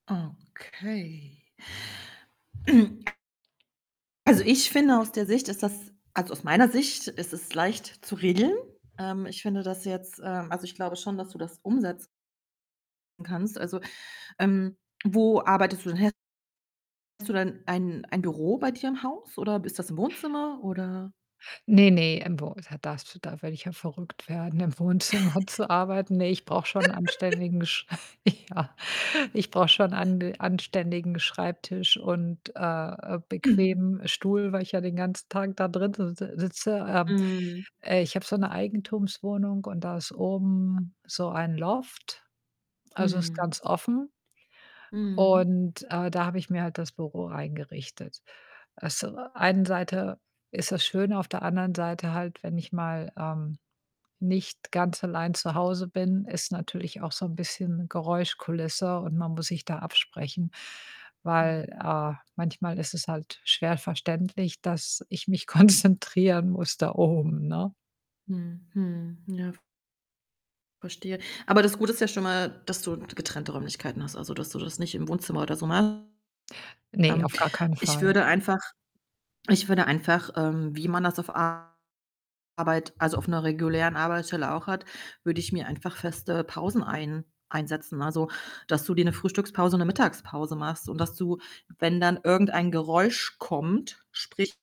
Okay. Also, ich finde, aus der Sicht ist das also, aus meiner Sicht ist es leicht zu regeln. Ähm, ich finde das jetzt ähm, also, ich glaube schon, dass du das umsetz en kannst. Also, ähm, wo arbeitest du denn he hast du dann ein ein Büro bei dir im Haus oder ist das im Wohnzimmer, oder Ne, ne, im Wo da darfst du da würde ich ja verrückt werden, im Wohnzimmer zu arbeiten, ne, ich brauche schon 'n anständigen Sch ja, ich brauche schon ande anständigen Schreibtisch und, äh, äh, Mhm. bequemen Stuhl, weil ich ja den ganzen Tag da drin si si sitze. Ähm, Mhm. äh, ich habe so 'ne Eigentumswohnung, und da ist oben so ein Loft. Also, ist Mhm. ganz offen Mhm. und, äh, da habe ich mir halt das Büro reingerichtet. Also, äh, einen Seite ist das schön, auf der anderen Seite halt, wenn ich mal, ähm, nicht ganz allein zu Hause bin, ist natürlich auch so 'n bisschen Geräuschkulisse und man muss sich da absprechen, weil, Mhm. äh, manchmal ist es halt schwer verständlich, dass ich mich konzentrieren muss da oben, ne? Mhm, mhm, ja verstehe. Aber das Gute ist ja schon mal, dass du getrennte Räumlichkeiten hast, also, dass du das nicht im Wohnzimmer oder so machst. Ne, Ähm, auf gar keinen ich Fall. würde einfach ich würde einfach, ähm, wie man das auf a Arbeit, also, auf 'ner regulären Arbeitsstelle auch hat, würde ich mir einfach feste Pausen ein einsetzen, also, dass du dir 'ne Frühstückspause und 'ne Mittagspause machst und dass du, wenn dann irgendein Geräusch kommt, sprich